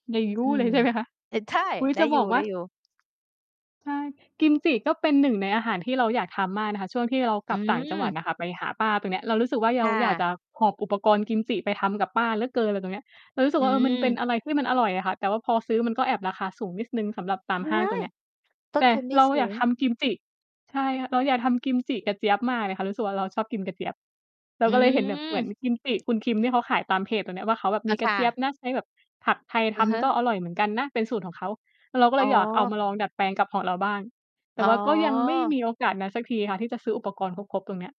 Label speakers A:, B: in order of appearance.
A: อื
B: เล
A: ม
B: ยใช่ไหมคะ?
A: อ่า ใช่
B: อุ๊ย
A: ได
B: จ
A: ้
B: ะ
A: อย
B: บอกว่า
A: ู่ ๆ
B: ใช่ กิมจิก็เป็น 1 ในอาหารที่เราอยากทำมากนะคะ ช่วงที่เรา
A: อ
B: ก
A: ื
B: ลับต่างจังหวัด
A: ม
B: อะค่ะ ไปหาป้าตรงเนี้ย เรารู้สึกว่า
A: ค
B: เรา
A: ่
B: อยากจะ
A: ะ
B: หอบอุปกรณ์กิมจิไปทำกับป้าเหลือเกินอะไรตรงนี้ เรารู้สึ
A: อ
B: กว่า เออ มันเป็
A: ื
B: น
A: ม
B: อะไรที่มันอร่อยอะค่ะ แต่ว่าพอซื้อมันก็แอบราคาสูงนิดหนึ่งสำหรับตามห
A: ว
B: ้าง
A: ้า
B: ตร
A: ย
B: งเนี้ย
A: ต
B: แ
A: ้
B: ต
A: น
B: ่
A: ทุนไม่
B: เรา
A: ส
B: อย
A: ู
B: าก
A: ง
B: ทำกิมจิ ใช่ค่ะ เราอยากทำกิมจิกระเจี๊ยบมากเลยค่ะ รู้สึกว่าเราชอบกินกระเจี๊ยบ เร
A: อ
B: า
A: ื
B: ก็เลยเห็นแบบเหมือน
A: ม
B: กิมจิ คุณคิมที่เขาขายตามเพจตรงเนี้ยว่า เขาแบบ
A: อ
B: ม
A: ะ
B: ีก
A: ค
B: ระ
A: ่
B: เจี๊ย
A: ะ
B: บนะ ใช้แบบผักไทย
A: อ
B: ท
A: ะฮะ
B: ำก็อร่อยเหมือนกันนะ เป็นสูตรของเขา เราก็เ
A: อ๋
B: ลยอยากเอา
A: อ
B: มาลองดัดแปลงกับของเราบ้าง แต
A: อ
B: ่ว่าก็ยังไม่
A: ๋อ
B: มีโอกาสนั้นสักทีค่ะ ที่จะซื้ออุปกรณ์ครบ ๆ ตรงเนี้ย